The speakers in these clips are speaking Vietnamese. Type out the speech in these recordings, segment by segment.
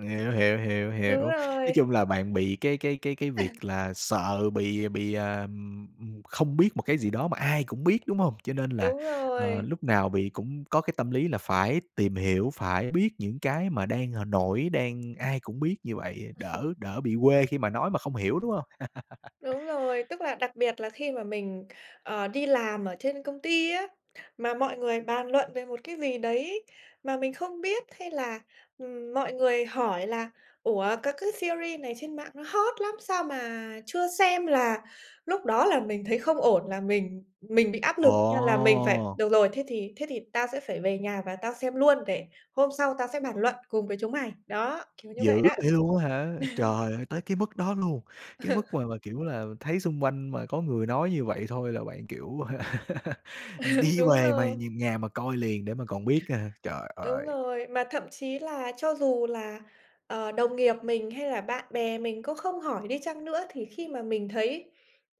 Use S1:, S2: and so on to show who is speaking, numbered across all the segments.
S1: Hiểu, hiểu, hiểu, hiểu.
S2: Đúng
S1: Nói
S2: rồi.
S1: chung là bạn bị cái cái cái cái việc là sợ bị bị, à, ừm, ừm, không biết một cái gì đó mà ai cũng biết, đúng hông? Cho nên là,
S2: Đúng
S1: ờ,
S2: rồi.
S1: lúc nào bị cũng có cái tâm lý là phải tìm hiểu, phải biết những cái mà đang, ờ, nổi, đang ai cũng biết như vậy á, đỡ đỡ bị quê khi mà nói mà không hiểu, đúng hông?
S2: Đúng rồi, tức là đặc biệt là khi mà mình, ờ, đi làm ở trên công ty á, mà mọi người bàn luận về một cái gì đấy mà mình không biết hay là, ừm, mọi người hỏi là "Ủa, các cái series này trên mạng nó hot lắm, sao mà chưa xem" là lúc đó là mình thấy không ổn là mình mình bị áp lực như là mình phải:
S1: Ồ!
S2: "Được rồi, thế thì thế thì tao sẽ phải về nhà và tao xem luôn để hôm sau tao sẽ bàn luận cùng với chúng mày." Đó, kiểu như vậy
S1: Dữ
S2: đó.
S1: vậy luôn á hả? Trời ơi, tới cái mức đó luôn, cái mức mà mà, kiểu là, thấy xung quanh mà có người nói như vậy thôi là bạn, kiểu, ừm, đi
S2: Đúng
S1: về mày
S2: rồi.
S1: nh nhà mà coi liền để mà còn biết á hả? Trời
S2: Đúng
S1: ơi!
S2: rồi, mà thậm chí là cho dù là, ờ, đồng nghiệp mình hay là bạn bè mình có không hỏi đi chăng nữa thì khi mà mình thấy,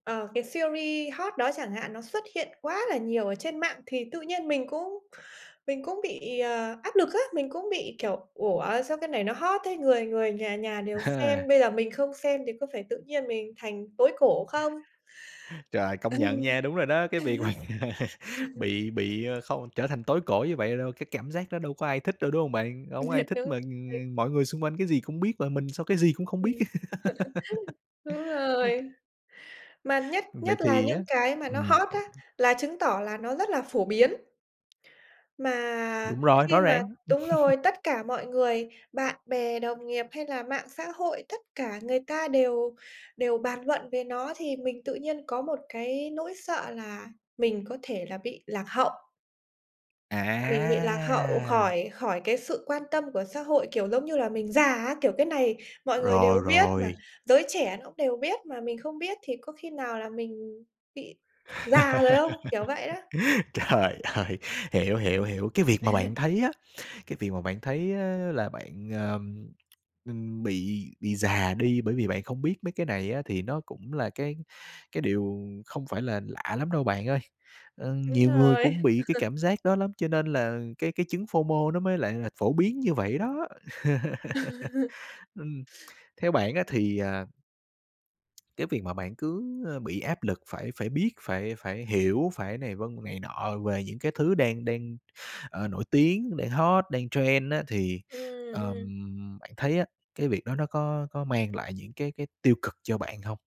S2: ờ, cái series hot đó chẳng hạn nó xuất hiện quá là nhiều ở trên mạng thì tự nhiên mình cũng mình cũng bị, ờ, áp lực á, mình cũng bị, kiểu, "Ủa, sao cái này nó hot thế, người người nhà nhà
S1: À
S2: đều xem,
S1: ha.
S2: bây giờ mình không xem thì có phải tự nhiên mình thành tối cổ không?"
S1: Trời, công nhận nha, đúng rồi đó, cái việc mà bị bị, a, không trở thành tối cổ như vậy đâu, cái cảm giác đó đâu có ai thích đâu, đúng hông bạn? Hổng ai thích
S2: Đúng
S1: mà
S2: rồi.
S1: ng ng mọi người xung quanh cái gì cũng biết và mình sao cái gì cũng
S2: Ừm.
S1: không biết.
S2: Đúng rồi. Mà nhất
S1: Vậy
S2: nhất là
S1: thì á
S2: những cái mà nó
S1: ừm.
S2: hot á là chứng tỏ là nó rất là phổ biến. Mà
S1: Đúng rồi,
S2: khi
S1: rõ
S2: mà
S1: ràng.
S2: đúng rồi, tất cả mọi người, bạn bè đồng nghiệp hay là mạng xã hội, tất cả người ta đều đều bàn luận về nó thì mình tự nhiên có một cái nỗi sợ là mình có thể là bị lạc hậu. Mình bị lạc hậu
S1: À!
S2: khỏi khỏi cái sự quan tâm của xã hội, kiểu, giống như là, mình già á, kiểu, cái này mọi người đều
S1: Rồi,
S2: biết mà,
S1: rồi.
S2: giới trẻ nó đều biết mà mình không biết thì có khi nào là mình bị già rồi không, kiểu vậy đó.
S1: Trời ơi, hiểu, hiểu, hiểu, cái việc mà bạn thấy á, cái việc mà bạn thấy á là bạn, ờ, ừm, ưm, bị bị già đi, bởi vì bạn không biết mấy cái này á thì nó cũng là cái cái điều không phải là lạ lắm đâu bạn ơi. Ơ,
S2: Đúng
S1: nhiều người cũng
S2: rồi.
S1: bị cái cảm giác đó lắm, cho nên là cái cái chứng FOMO nó mới lại là phổ biến như vậy đó. Ừm, theo bạn á thì, à cái việc mà bạn cứ, a, bị áp lực phải phải biết, phải phải hiểu, phải này vân này nọ về những cái thứ đang đang, ờ, nổi tiếng, đang hot, đang trend á thì,
S2: Ừm, ừm.
S1: ờm, bạn thấy á, cái việc đó nó có có mang lại những cái cái tiêu cực cho bạn hông?